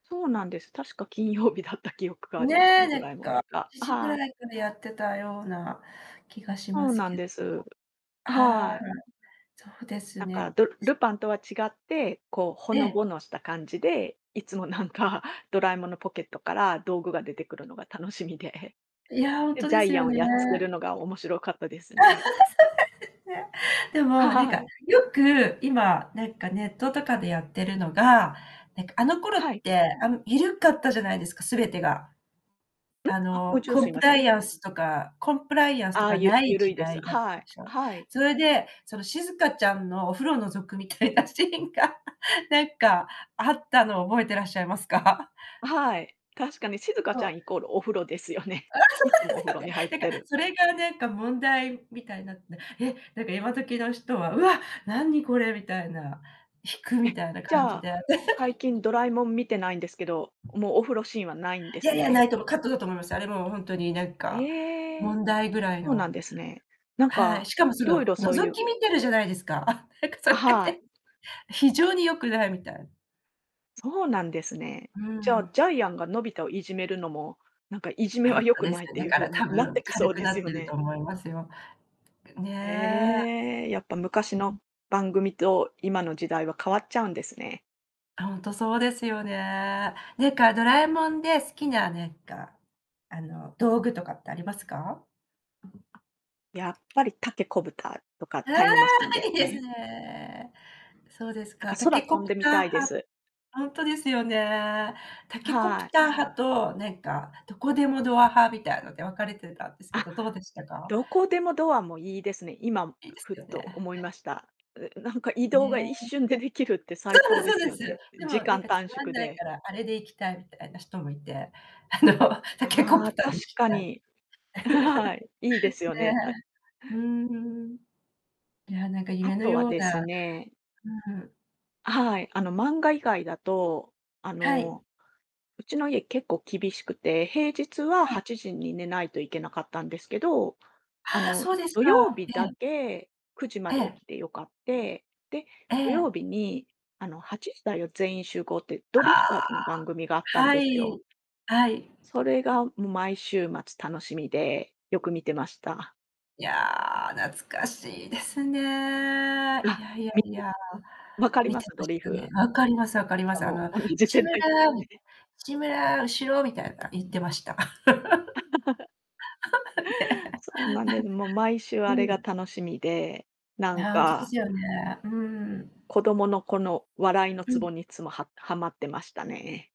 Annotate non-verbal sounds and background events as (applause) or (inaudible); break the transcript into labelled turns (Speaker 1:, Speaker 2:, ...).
Speaker 1: そうなんです。確か金曜日だった記憶があります
Speaker 2: ね、
Speaker 1: ね。
Speaker 2: な
Speaker 1: ド
Speaker 2: ん
Speaker 1: ラえも
Speaker 2: か、
Speaker 1: んとか。
Speaker 2: 7時ぐ
Speaker 1: はい。
Speaker 2: らいからやってたような気がしま
Speaker 1: そう
Speaker 2: す
Speaker 1: なん
Speaker 2: け
Speaker 1: です、あ
Speaker 2: はい。
Speaker 1: はい。
Speaker 2: そうです
Speaker 1: なんか
Speaker 2: ね。
Speaker 1: ルルパンとは違って、こう、ほ
Speaker 2: え
Speaker 1: の
Speaker 2: え。
Speaker 1: ぼのした感じで、いつもなんかドラえもんのポケットから道具が出てくるのが楽しみで。
Speaker 2: いや、ほん
Speaker 1: で、
Speaker 2: と
Speaker 1: ジ
Speaker 2: で
Speaker 1: ャ
Speaker 2: す
Speaker 1: イアン
Speaker 2: よ
Speaker 1: を
Speaker 2: ね。
Speaker 1: やっつけるのが面白かったです
Speaker 2: (laughs) そうなん
Speaker 1: ね。
Speaker 2: ですね。でも、なん
Speaker 1: は
Speaker 2: か
Speaker 1: い。
Speaker 2: よく、今なんかネットとかでやってるのが、なんかあの頃
Speaker 1: は
Speaker 2: っ
Speaker 1: い。
Speaker 2: てあの、緩かったじゃないですか、全てが。
Speaker 1: ん、
Speaker 2: あ
Speaker 1: あ、もうい
Speaker 2: の
Speaker 1: ちど
Speaker 2: コ
Speaker 1: す
Speaker 2: ン
Speaker 1: い
Speaker 2: プ
Speaker 1: ませ
Speaker 2: ラ
Speaker 1: ん。
Speaker 2: イアンスとかコンプライアンスと
Speaker 1: ああ、
Speaker 2: か
Speaker 1: ゆ
Speaker 2: ない
Speaker 1: ゆる
Speaker 2: 時
Speaker 1: いです。
Speaker 2: 代だっ
Speaker 1: は
Speaker 2: たんで
Speaker 1: い。
Speaker 2: し
Speaker 1: あ
Speaker 2: ょ。
Speaker 1: はい。
Speaker 2: それで、そのしずかちゃんのお風呂覗くみたいなシーンが、なんかあったのを覚えてらっしゃいますか？(chuckles)
Speaker 1: あ、はい、確かにしずか
Speaker 2: そ
Speaker 1: ちゃ
Speaker 2: う。
Speaker 1: んイコールお風呂ですよね。いつも
Speaker 2: (laughs)
Speaker 1: お
Speaker 2: そ
Speaker 1: 風
Speaker 2: う
Speaker 1: 呂に
Speaker 2: で
Speaker 1: 入
Speaker 2: す
Speaker 1: っ
Speaker 2: よね。なん
Speaker 1: て
Speaker 2: か
Speaker 1: る。
Speaker 2: それがなんか問題みたいになって、え、なんか今時の人は「うわ、何これ」みたいな、引くみ
Speaker 1: え、
Speaker 2: たいな
Speaker 1: じ
Speaker 2: 感
Speaker 1: ゃ
Speaker 2: じ
Speaker 1: あ、
Speaker 2: で。
Speaker 1: 最
Speaker 2: (laughs)
Speaker 1: 近ドラえもん見てないんですけど、もうお風呂シーンはないんで
Speaker 2: い
Speaker 1: す
Speaker 2: やいや、な
Speaker 1: ね。
Speaker 2: いと思う。カットだと思います。あれもほんとに何か
Speaker 1: ええ。
Speaker 2: 問題ぐらい
Speaker 1: そうな
Speaker 2: の
Speaker 1: んですね。なん
Speaker 2: はい、
Speaker 1: か
Speaker 2: しかも
Speaker 1: い
Speaker 2: そ
Speaker 1: ろい
Speaker 2: の
Speaker 1: ろそうい
Speaker 2: 覗
Speaker 1: う
Speaker 2: き見てるじゃないですか。なんかそ
Speaker 1: あ、
Speaker 2: れが
Speaker 1: はい。
Speaker 2: ね、非常に良くないみたい。
Speaker 1: そうなんですね。
Speaker 2: う
Speaker 1: じゃあ、
Speaker 2: ん。
Speaker 1: ジャイアンがのび太をいじめるのも、なんかいじめ
Speaker 2: ほ
Speaker 1: は
Speaker 2: ん
Speaker 1: 良
Speaker 2: と
Speaker 1: く
Speaker 2: です
Speaker 1: ないっ
Speaker 2: よ。
Speaker 1: てい
Speaker 2: だ
Speaker 1: う
Speaker 2: か
Speaker 1: 風
Speaker 2: ら
Speaker 1: に
Speaker 2: 多
Speaker 1: なっ
Speaker 2: 分
Speaker 1: てきそ
Speaker 2: 軽
Speaker 1: う
Speaker 2: く
Speaker 1: で
Speaker 2: な
Speaker 1: す
Speaker 2: っ
Speaker 1: よ
Speaker 2: てると
Speaker 1: ね。
Speaker 2: 思いますよ。ね。
Speaker 1: ええ、やっぱ昔の番組と今の時代は変わっちゃうんですね。
Speaker 2: ほんとそうですよね。なんかドラえもんで好きな、なんか、あの道具とかってありますか？
Speaker 1: やっぱりタケコプターとか
Speaker 2: あ
Speaker 1: タイムマシン
Speaker 2: あ！
Speaker 1: です
Speaker 2: いいです
Speaker 1: ね。
Speaker 2: ね。そうです
Speaker 1: なんか
Speaker 2: か、タ
Speaker 1: 空
Speaker 2: ケコ
Speaker 1: 飛ん
Speaker 2: プ
Speaker 1: でみ
Speaker 2: ター
Speaker 1: たいで
Speaker 2: 派
Speaker 1: す。
Speaker 2: ほんとですよね。タケコプ
Speaker 1: はい。
Speaker 2: ター派と、なんかどこでもドア派みたいので分かれてたんですけ
Speaker 1: あ、
Speaker 2: ど、どうでしたか？
Speaker 1: どこでもドアもいいですね。今、
Speaker 2: いいです
Speaker 1: ふっ
Speaker 2: よ
Speaker 1: と
Speaker 2: ね。
Speaker 1: 思いました。うなんか移動
Speaker 2: ね。
Speaker 1: が一瞬でできるって
Speaker 2: そ
Speaker 1: 最高で
Speaker 2: う
Speaker 1: す
Speaker 2: で
Speaker 1: よ
Speaker 2: すそうで
Speaker 1: ね。
Speaker 2: す。で
Speaker 1: 時
Speaker 2: も何
Speaker 1: 間
Speaker 2: かつ
Speaker 1: 短
Speaker 2: まん
Speaker 1: 縮
Speaker 2: ない
Speaker 1: で。
Speaker 2: からあれで行きたいみたいな人もいて、あのタケコ
Speaker 1: ああ、
Speaker 2: プターで
Speaker 1: 確
Speaker 2: 行き
Speaker 1: か
Speaker 2: たい。
Speaker 1: に。(laughs) はい。いいで
Speaker 2: (laughs) ね、
Speaker 1: すよね。
Speaker 2: うーん。いや、なんか
Speaker 1: あ
Speaker 2: 夢の
Speaker 1: とは
Speaker 2: よう
Speaker 1: です
Speaker 2: な
Speaker 1: ね
Speaker 2: うん。
Speaker 1: あはい、あの、漫画以外だと、あ
Speaker 2: はい。
Speaker 1: の、うちの家結構厳しくて、平日は
Speaker 2: はい。
Speaker 1: 8時に寝ないといけなかったんですけど、あ
Speaker 2: ああ、
Speaker 1: の、
Speaker 2: そうです
Speaker 1: 土曜
Speaker 2: か。
Speaker 1: 日
Speaker 2: え
Speaker 1: だ
Speaker 2: え。
Speaker 1: け、9時ま
Speaker 2: え
Speaker 1: で起
Speaker 2: え。
Speaker 1: きてよかって。で、
Speaker 2: え
Speaker 1: 土
Speaker 2: え。
Speaker 1: 曜日に、あの、8時だよ全員集合ってド
Speaker 2: あ
Speaker 1: リフター
Speaker 2: あ。
Speaker 1: ズの番組があったん
Speaker 2: は
Speaker 1: ですよ。
Speaker 2: い。はい。
Speaker 1: それがもう毎週末楽しみで、よく見てました。
Speaker 2: いや、懐かしいですね。いや
Speaker 1: あ、
Speaker 2: いや
Speaker 1: 見
Speaker 2: い
Speaker 1: て
Speaker 2: や、
Speaker 1: わかり
Speaker 2: 見
Speaker 1: ま
Speaker 2: て
Speaker 1: す？
Speaker 2: ま
Speaker 1: ド
Speaker 2: し
Speaker 1: リ
Speaker 2: たね。
Speaker 1: フ。
Speaker 2: 分かります分か
Speaker 1: あ、じ
Speaker 2: りま
Speaker 1: ゃあ
Speaker 2: す。あ
Speaker 1: も
Speaker 2: の
Speaker 1: う同じ
Speaker 2: 「志
Speaker 1: 世
Speaker 2: 村
Speaker 1: 代ですね。
Speaker 2: 志村、後ろ！」みたいな言ってました。
Speaker 1: (laughs)
Speaker 2: (laughs) ね。
Speaker 1: そうなんです、もう毎週あれが
Speaker 2: うん。
Speaker 1: 楽しみで、な
Speaker 2: い
Speaker 1: ん
Speaker 2: や、ほんとで
Speaker 1: か
Speaker 2: すよね。うん。
Speaker 1: 子供の、この笑いの
Speaker 2: う
Speaker 1: ツ
Speaker 2: ん。
Speaker 1: ボにいつもははまってましたね。